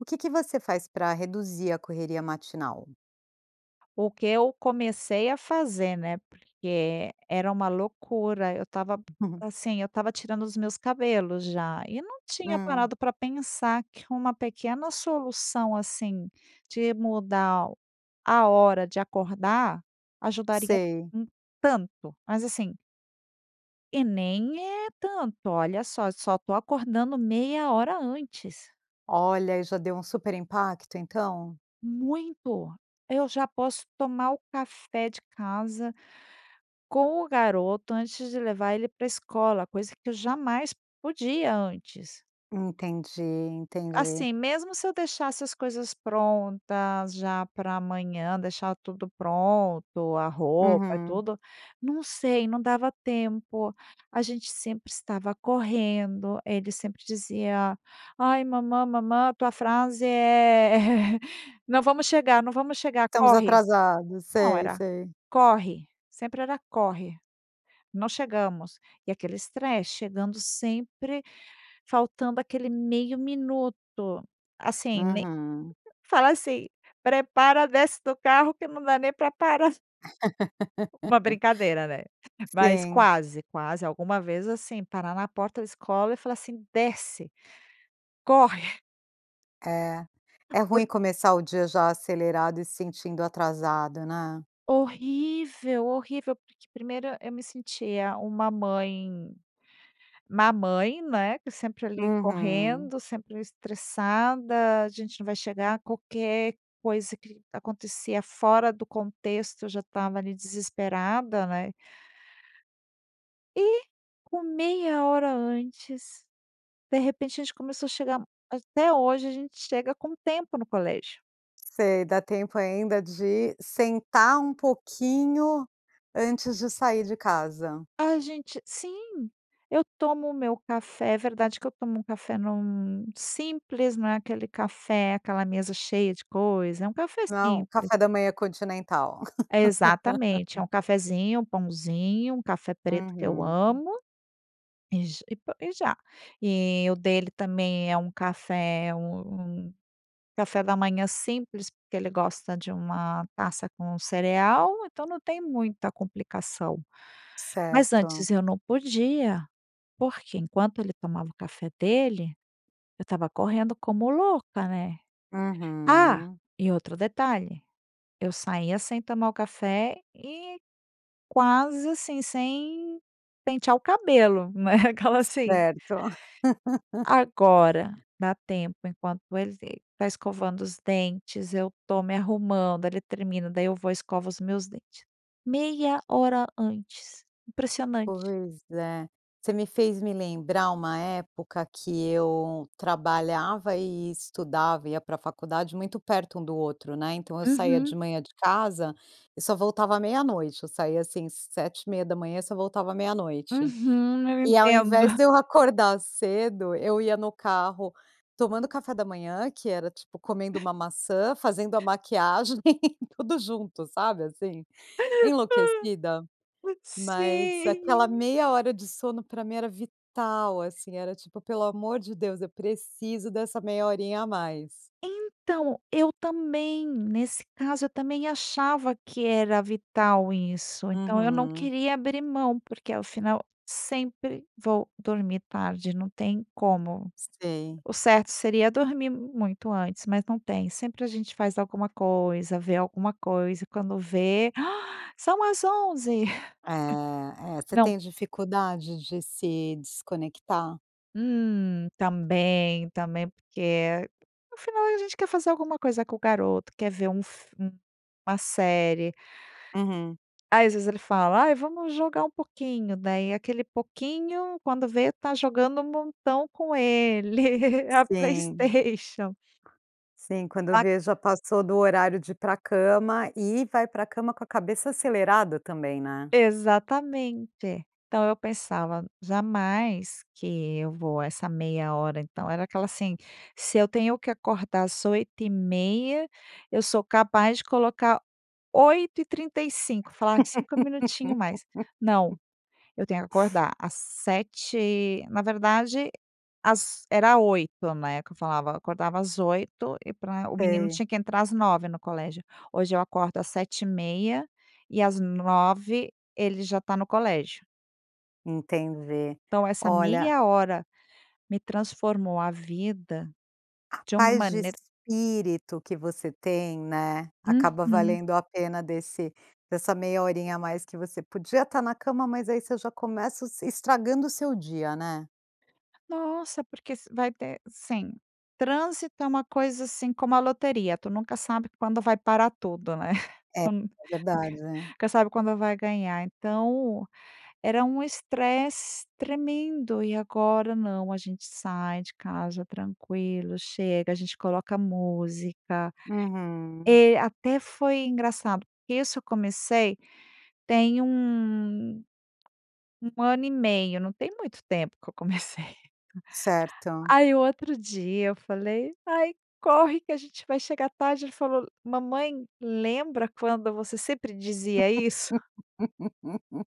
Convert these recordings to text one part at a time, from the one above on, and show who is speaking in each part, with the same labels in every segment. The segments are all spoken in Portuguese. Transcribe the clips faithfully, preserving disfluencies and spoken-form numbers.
Speaker 1: O que que você faz pra reduzir a correria matinal?
Speaker 2: O que eu comecei a fazer, né, porque era uma loucura. Eu tava, assim, eu tava tirando os meus cabelos já, e não tinha
Speaker 1: Hum.
Speaker 2: parado pra pensar que uma pequena solução, assim, de mudar a hora de acordar, ajudaria
Speaker 1: Sei.
Speaker 2: em tanto! Mas assim E nem é tanto. Olha só: só tô acordando meia hora antes.
Speaker 1: Olha, aí já deu um super impacto, então?
Speaker 2: Muito. Eu já posso tomar o café de casa com o garoto antes de levar ele pra escola, coisa que eu jamais podia antes.
Speaker 1: Entendi, entendi.
Speaker 2: Assim, mesmo se eu deixasse as coisas prontas já pra amanhã, deixar tudo pronto, a roupa,
Speaker 1: Uhum.
Speaker 2: tudo, não sei, não dava tempo. A gente sempre estava correndo, ele sempre dizia: "Ai mamã, mamã" a tua frase é: "Não vamos chegar! Não vamos chegar!
Speaker 1: "Estamos
Speaker 2: Corre!"
Speaker 1: atrasados".
Speaker 2: Não,
Speaker 1: Sei,
Speaker 2: era:
Speaker 1: sei.
Speaker 2: "Corre!". Sempre era corre, não chegamos. E aquele estresse, chegando sempre faltando aquele meio minuto. Assim mei
Speaker 1: Uhum.
Speaker 2: fala assim: "Prepara, desce do carro que não dá nem pra parar". Uma brincadeira, né. Mas
Speaker 1: Sim.
Speaker 2: quase quase alguma vez, assim, parar na porta da escola e falar assim: "Desce! Corre!".
Speaker 1: É. É
Speaker 2: Por
Speaker 1: ruim começar o dia já acelerado e se sentindo atrasado, né?
Speaker 2: Horrível, horrível. Porque primeiro e eu me sentia uma mãe má mãe, né, que sempre, ali,
Speaker 1: Uhum.
Speaker 2: correndo, sempre estressada, "A gente não vai chegar". Qualquer coisa que acontecia fora do contexto, eu já estava ali desesperada, né. E, com meia hora antes, de repente, a gente começou a chegar Até hoje a gente chega com tempo no colégio.
Speaker 1: Sei, dá tempo ainda de sentar um pouquinho antes de sair de casa.
Speaker 2: A gente sim, eu tomo o meu café é verdade que eu tomo um café num Simples. Não é aquele café, aquela mesa cheia de coisa. É um café
Speaker 1: Não é um
Speaker 2: simples.
Speaker 1: café da manhã continental.
Speaker 2: É exatamente. É um cafezinho, um pãozinho, um café preto que eu
Speaker 1: Uhum.
Speaker 2: amo. E j e po e já. E o dele também é um café é um um café da manhã simples, porque ele gosta de uma taça com cereal, então não tem muita complicação. Mas
Speaker 1: Certo.
Speaker 2: antes eu não podia. Porque enquanto ele tomava o café dele, eu estava correndo como louca, né? Ah!
Speaker 1: Uhum.
Speaker 2: E outro detalhe: eu saía sem tomar o café e quase, assim, sem pentear o cabelo, né? Aquela assim
Speaker 1: Certo.
Speaker 2: Agora dá tempo enquanto ele está escovando os dentes, eu estou me arrumando. Ele termina, daí eu vou e escovo os meus dentes. Meia hora antes. Impressionante.
Speaker 1: Pois é. Você me fez me lembrar uma época que eu trabalhava e estudava, ia pra faculdade, muito perto um do outro, né, então eu saía de
Speaker 2: Uhum.
Speaker 1: manhã de casa e só voltava meia-noite. Eu saía, assim, sete e meia da manhã e só voltava meia-noite.
Speaker 2: Uhum. Eu
Speaker 1: E ao invés
Speaker 2: entendo.
Speaker 1: de eu acordar cedo, eu ia no carro tomando café da manhã, que era tipo, comendo uma maçã, fazendo a maquiagem tudo junto, sabe, assim, enlouquecida? Mas aquela
Speaker 2: Sim.
Speaker 1: meia hora de sono pra mim era vital, assim, era tipo: "Pelo amor de Deus, eu preciso dessa meia horinha a mais".
Speaker 2: Então, eu também. Nesse caso, eu também achava que era vital isso. Então eu não
Speaker 1: Uhum.
Speaker 2: queria abrir mão, porque ao final sempre vou dormir tarde, não tem como.
Speaker 1: Sei.
Speaker 2: O certo seria dormir muito antes, mas não tem. Sempre a gente faz alguma coisa, vê alguma coisa e quando vê: "São as onze".
Speaker 1: É, é. Você
Speaker 2: Não.
Speaker 1: tem dificuldade de se desconectar?
Speaker 2: Hum. Também, também. Porque, no final a gente quer fazer alguma coisa com o garoto, quer ver um fi um uma série.
Speaker 1: Uhum.
Speaker 2: Aí às vezes ele fala: "Ai, vamos jogar um pouquinho" daí aquele pouquinho, quando vê, tá jogando um montão com ele. A
Speaker 1: Sim.
Speaker 2: Playstation.
Speaker 1: Sim. Quando
Speaker 2: A
Speaker 1: vê já passou do horário de ir pra cama e vai pra cama com a cabeça acelerada também, né.
Speaker 2: Exatamente. Então eu pensava: "Jamais que eu vou essa meia hora". Então, era aquela assim: "Se eu tenho que acordar às oito e meia, eu sou capaz de colocar oito e trinta e cinco". Falar: "cinco minutinhos mais". Não. Eu tenho que acordar às sete e Na verdade, às era oito, né, que eu falava. Eu acordava às oito e pra o menino
Speaker 1: Sei.
Speaker 2: tinha que entrar às nove no colégio. Hoje eu acordo às sete e meia, e às nove ele já tá no colégio.
Speaker 1: Entendi.
Speaker 2: Então, essa
Speaker 1: Olha
Speaker 2: meia hora, me transformou a vida, de uma
Speaker 1: Paz de
Speaker 2: maneira
Speaker 1: espírito que você tem, né, acaba
Speaker 2: Uhum.
Speaker 1: valendo a pena desse dessa meia horinha a mais que você podia estar na cama, mas aí você já começa o se estragando o seu dia, né.
Speaker 2: Nossa, porque se vai ter sim. Trânsito é uma coisa, assim, como a loteria, tu nunca sabe quando vai parar tudo, né?
Speaker 1: É, é
Speaker 2: Tu
Speaker 1: verdade.
Speaker 2: nunca sabe quando vai ganhar. Então, era um estresse tremendo. E agora, não, a gente sai de casa tranquilo, chega, a gente coloca música.
Speaker 1: Uhum.
Speaker 2: Eh, até foi engraçado, porque isso eu comecei tem um um ano e meio, não tem muito tempo que eu comecei.
Speaker 1: Certo.
Speaker 2: Aí, o outro dia eu falei: "Ai, corre que a gente vai chegar tarde". Ele falou: "Mamãe lembra quando você sempre dizia isso?".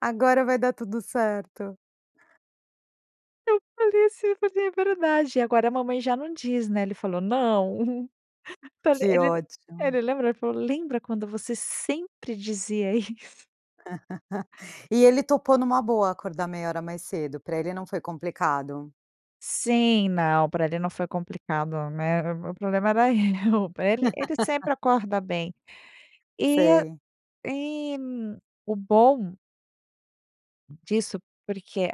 Speaker 1: Agora vai dar tudo certo.
Speaker 2: Eu falei, assim, eu falei: "É verdade. Agora a mamãe já não diz, né?". Ele falou: "Não". Tá le
Speaker 1: Que
Speaker 2: ele
Speaker 1: ótimo.
Speaker 2: ele lembra. Ele falou: "Lembra quando você sempre dizia isso?".
Speaker 1: E ele topou, numa boa, acordar meia hora mais cedo? Pra ele não foi complicado?
Speaker 2: Sim, não. Pra ele não foi complicado, né? O o problema era eu. Pra ele ele sempre acorda bem. E
Speaker 1: Sei.
Speaker 2: e e o bom disso porque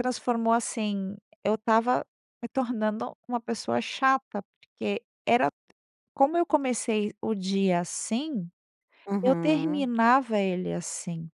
Speaker 2: transformou, assim, eu estava me tornando uma pessoa chata. Porque era como eu comecei o dia assim, eu
Speaker 1: Uhum.
Speaker 2: terminava ele assim.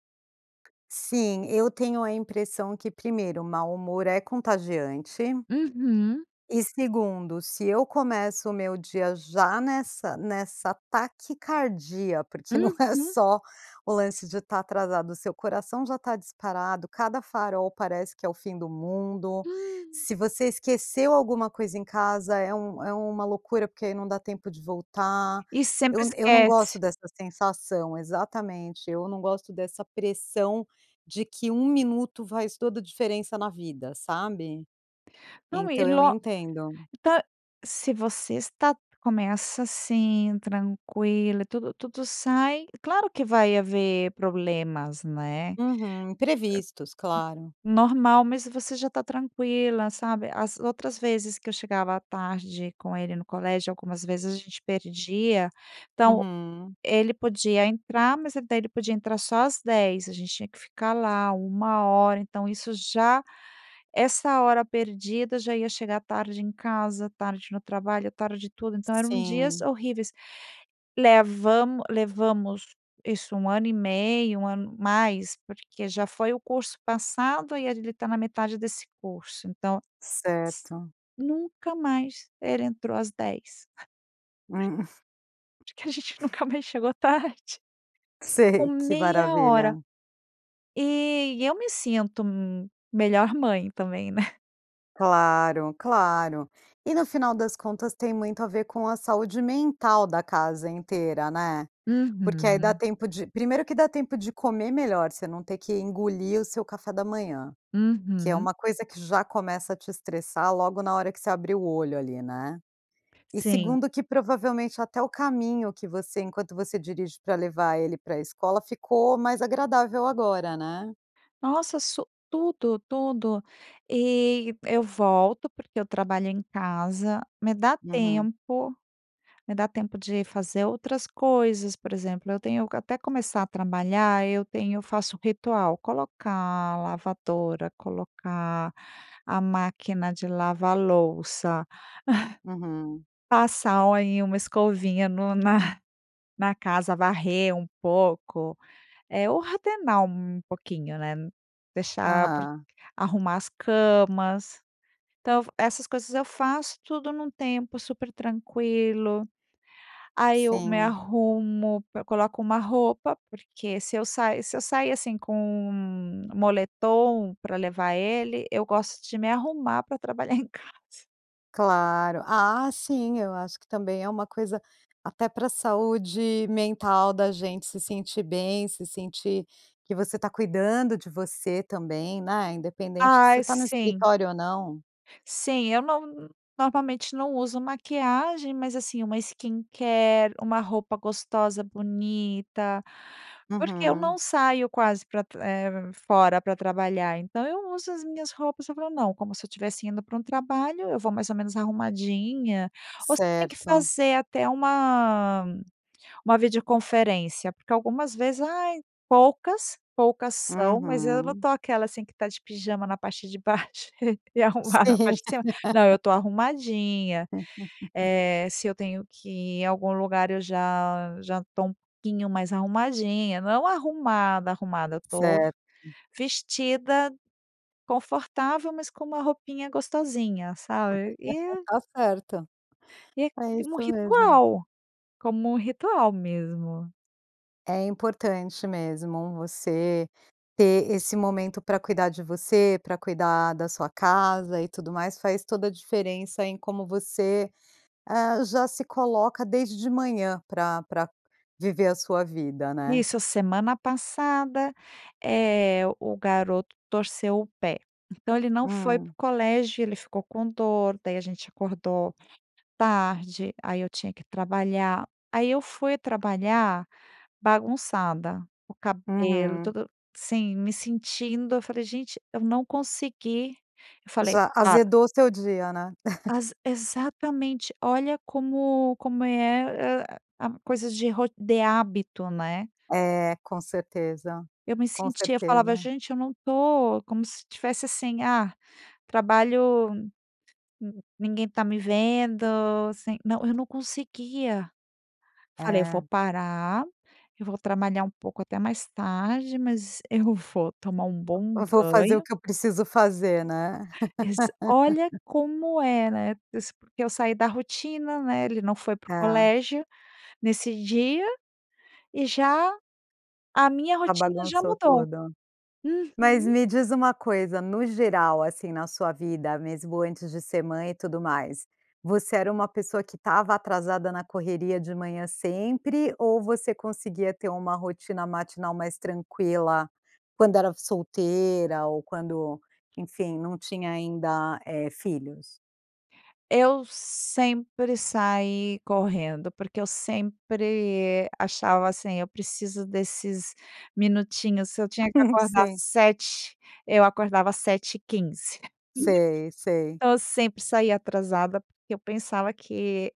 Speaker 1: Sim, eu tenho a impressão que primeiro: o mau humor é contagiante.
Speaker 2: Uhum.
Speaker 1: E segundo: se eu começo o meu dia já nessa nessa taquicardia porque não é
Speaker 2: Uhum!
Speaker 1: só o lance de estar atrasado, o seu coração já está disparado; cada farol parece que é o fim do mundo. Se você esqueceu alguma coisa em casa é um é uma loucura, porque aí não dá tempo de voltar.
Speaker 2: E sempre
Speaker 1: Eu eu não gosto
Speaker 2: esquece.
Speaker 1: dessa sensação exatamente, eu não gosto dessa pressão de que um minuto faz toda a diferença na vida, sabe?
Speaker 2: Não, e
Speaker 1: Então eu
Speaker 2: lo
Speaker 1: entendo.
Speaker 2: ta se você está começa assim, tranquila, tudo tudo sai claro que vai haver problemas, né? Eh, hum.
Speaker 1: Uhum. Imprevistos, claro.
Speaker 2: Normal. Mas você já está tranquila, sabe? As outras vezes que eu chegava tarde com ele no colégio, algumas vezes a gente perdia então,
Speaker 1: Uhum.
Speaker 2: ele podia entrar, mas daí ele podia entrar só às dez. A gente tinha ficar lá uma hora, então isso já essa hora perdida já ia chegar tarde em casa, tarde no trabalho, tarde em tudo então eram dias
Speaker 1: Sim.
Speaker 2: horríveis. Levamo levamos isso, um ano e meio, um ano mais porque já foi o curso passado e ele tá na metade desse curso, então S
Speaker 1: Certo.
Speaker 2: nunca mais ere entrou às dez.
Speaker 1: Hum.
Speaker 2: Porque a gente nunca mais chegou tarde. Com
Speaker 1: Sei. Que
Speaker 2: meia hora,
Speaker 1: maravilha.
Speaker 2: eh, e eu me sinto m melhor mãe também, né?
Speaker 1: Claro, claro. E no final das contas, tem muito a ver com a saúde mental da casa inteira, né. Porque aí dá
Speaker 2: Uhum.
Speaker 1: tempo de primeiro que dá tempo de comer melhor, você não ter que engolir o seu café da manhã, que é
Speaker 2: Uhum.
Speaker 1: uma coisa que já começa a te estressar logo na hora que você abrir o olho ali, né. E,
Speaker 2: Sim.
Speaker 1: segundo que provavelmente até o caminho que você enquanto você dirige pra levar ele pra escola ficou mais agradável agora, né.
Speaker 2: Nossa so tudo, tudo, e, eu volto porque eu trabalho em casa, me dá
Speaker 1: Uhum.
Speaker 2: tempo, me dá tempo de fazer outras coisas. Por exemplo, eu tenho que, até começar a trabalhar, eu tenho eu faço um ritual: colocar a lavadora, colocar a máquina de lavar louça.
Speaker 1: Uhum.
Speaker 2: Passar, ó, em uma escovinha no na na casa, varrer um pouco. Eh, ordenar um pouquinho, né. Deixar pra
Speaker 1: Aham.
Speaker 2: arrumar as camas. Então, essas coisas eu faço tudo num tempo super tranquilo. Aí eu me
Speaker 1: Sim.
Speaker 2: arrumo, p coloco uma roupa, porque se eu sa se eu sair, assim, com moletom para levar ele, eu gosto de me arrumar para trabalhar em casa.
Speaker 1: Claro. Ah, sim. Eu acho que também é uma coisa até para saúde mental da gente se sentir bem, se sentir que você está cuidando de você também, né, independente se
Speaker 2: Ai,
Speaker 1: está no
Speaker 2: sim.
Speaker 1: escritório ou não.
Speaker 2: Sim, eu não normalmente não uso maquiagem, mas assim uma skincare, uma roupa gostosa, bonita, porque eu não
Speaker 1: Uhum.
Speaker 2: saio quase pra tr eh, fora para trabalhar, então eu uso as minhas roupas, eu falo, não, como se eu estivesse indo pra um trabalho, eu vou mais ou menos arrumadinha, ou se tem que
Speaker 1: Certo.
Speaker 2: fazer até uma uma videoconferência, porque algumas vezes Ai Poucas, poucas são, mas eu não
Speaker 1: Uhum.
Speaker 2: estou aquela assim que está de pijama na parte de baixo e arrumada na
Speaker 1: Sim.
Speaker 2: parte de cima. Não, eu estou arrumadinha. Eh, se eu tenho que ir em algum lugar eu já já estou um pouquinho mais arrumadinha, não é um arrumada, arrumada. Eu estou v
Speaker 1: Certo.
Speaker 2: vestida confortável, mas com uma roupinha gostosinha, sabe, e
Speaker 1: Está certo,
Speaker 2: e
Speaker 1: é
Speaker 2: tem um
Speaker 1: isso mesmo.
Speaker 2: ritual, como um ritual mesmo.
Speaker 1: É importante mesmo você ter esse momento pra cuidar de você, pra cuidar da sua casa, e tudo mais. Faz toda a diferença em como você, ah, já se coloca desde de manhã pra pra viver a sua vida, né?
Speaker 2: Isso, semana passada, eh, o garoto torceu o pé. Então ele não foi pro
Speaker 1: Hum.
Speaker 2: colégio, ele ficou com dor, daí a gente acordou tarde, aí eu tinha que trabalhar. Aí eu fui trabalhar bagunçada, o cabelo
Speaker 1: Uhum.
Speaker 2: todo Sim, me sentindo Eu falei: "Gente eu não consegui". Eu falei"".
Speaker 1: Já
Speaker 2: [unintelligible]
Speaker 1: azedou o seu dia, né?
Speaker 2: As exatamente. Olha como como é, a a coisas de ro de hábito, né?
Speaker 1: É, com certeza.
Speaker 2: Eu me
Speaker 1: Com
Speaker 2: sentia, falava:
Speaker 1: certeza.
Speaker 2: "Gente eu não tô". Como se estivesse assim: "Ah, trabalho, hum, ninguém tá me vendo, sem". Não, eu não conseguia. Falei: "Eu vou
Speaker 1: É.
Speaker 2: parar, e vou trabalhar um pouco até mais tarde, mas eu vou tomar um bom
Speaker 1: Eu vou fazer o
Speaker 2: banho".
Speaker 1: que eu preciso fazer, né?
Speaker 2: Exa Olha como é, né? Eu sa porque eu saí da rotina, né, ele não foi pro
Speaker 1: Tá.
Speaker 2: colégio nesse dia, e já a minha
Speaker 1: Já
Speaker 2: rotina já
Speaker 1: bagunçou
Speaker 2: mudou.
Speaker 1: toda. Mas
Speaker 2: Uhum.
Speaker 1: me diz uma coisa: no geral, assim, na sua vida mesmo antes de ser mãe e tudo mais, você era uma pessoa que estava atrasada na correria de manhã sempre? Ou você conseguia ter uma rotina matinal mais tranquila? Quando era solteira ou quando, enfim, não tinha ainda, eh, filhos?
Speaker 2: Eu sempre saí correndo. Porque eu sempre achava, assim: "Eu preciso desses minutinhos". Se eu tinha que acordar
Speaker 1: Sim.
Speaker 2: sete, eu acordava sete e quinze.
Speaker 1: Sei, sei.
Speaker 2: Então eu sempre saía atrasada porque eu pensava que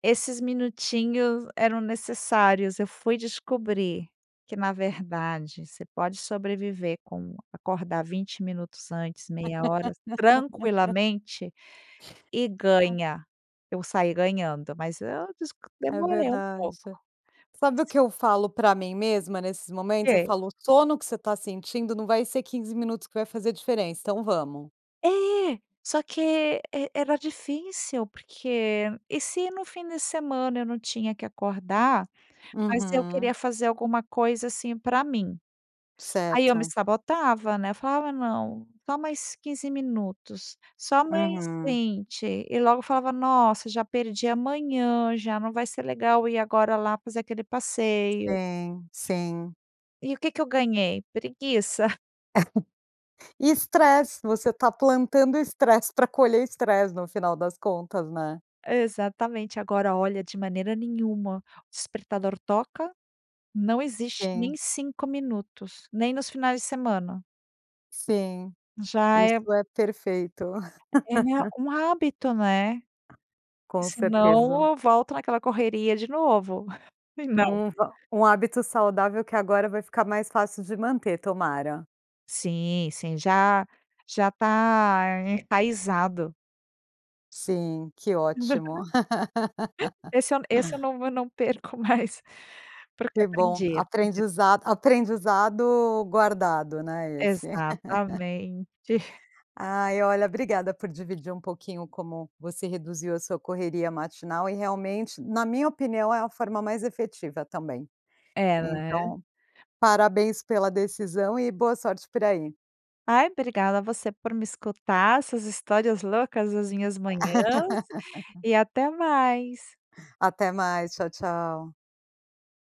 Speaker 2: esses minutinhos eram necessários. Eu fui descobrir que, na verdade, você pode sobreviver com acordar vinte minutos antes, meia hora, tranquilamente, e
Speaker 1: Ah.
Speaker 2: ganha. Eu saí ganhando, mas eu desc
Speaker 1: É
Speaker 2: demorei um
Speaker 1: verdade.
Speaker 2: pouco.
Speaker 1: Sabe o que eu falo pra mim mesma nesses momentos? Eu
Speaker 2: Que?
Speaker 1: falo: "O sono que você tá sentindo não vai ser quinze minutos que vai fazer diferença, então vamos".
Speaker 2: É! Só que e era difícil. Porque, e se no fim de semana eu não tinha que acordar, mas eu
Speaker 1: Uhum.
Speaker 2: queria fazer alguma coisa, assim, pra mim. Aí eu me
Speaker 1: Certo.
Speaker 2: sabotava, né? Eu falava: "Não, só mais quinze minutos, só mais
Speaker 1: Uhum.
Speaker 2: vinte". E logo falava: "Nossa, já perdi a manhã, já não vai ser legal ir agora lá fazer aquele passeio".
Speaker 1: Sim, sim.
Speaker 2: E o que que eu ganhei? Preguiça.
Speaker 1: Estresse. Você tá plantando estresse pra colher estresse no final das contas, né?
Speaker 2: Exatamente. Agora, olha, de maneira nenhuma. O despertador toca, não existe nem
Speaker 1: Sim.
Speaker 2: cinco minutos, nem nos finais de semana.
Speaker 1: Sim.
Speaker 2: Já é
Speaker 1: Isso é perfeito.
Speaker 2: ele é um hábito, né? E
Speaker 1: Com
Speaker 2: se
Speaker 1: certeza.
Speaker 2: não, eu volto naquela correria de novo. E não.
Speaker 1: Um v um hábito saudável que agora vai ficar mais fácil de manter, tomara.
Speaker 2: Sim, sim. Já já tá enraizado.
Speaker 1: Sim. Que ótimo.
Speaker 2: Esse eu n esse eu não eu não perco mais. Porque
Speaker 1: Que bom.
Speaker 2: aprendi, aprendi.
Speaker 1: Aprendizado aprendizado guardado, né, esse?
Speaker 2: Exatamente.
Speaker 1: Ai, olha, obrigada por dividir um pouquinho como você reduziu a sua correria matinal. E realmente, na minha opinião, é a forma mais efetiva também.
Speaker 2: É, né.
Speaker 1: Então, parabéns pela decisão e boa sorte por aí.
Speaker 2: Ai, obrigada você por me escutar. Essas histórias loucas das minhas manhãs, e até mais.
Speaker 1: Até mais! Ttchau, tchau.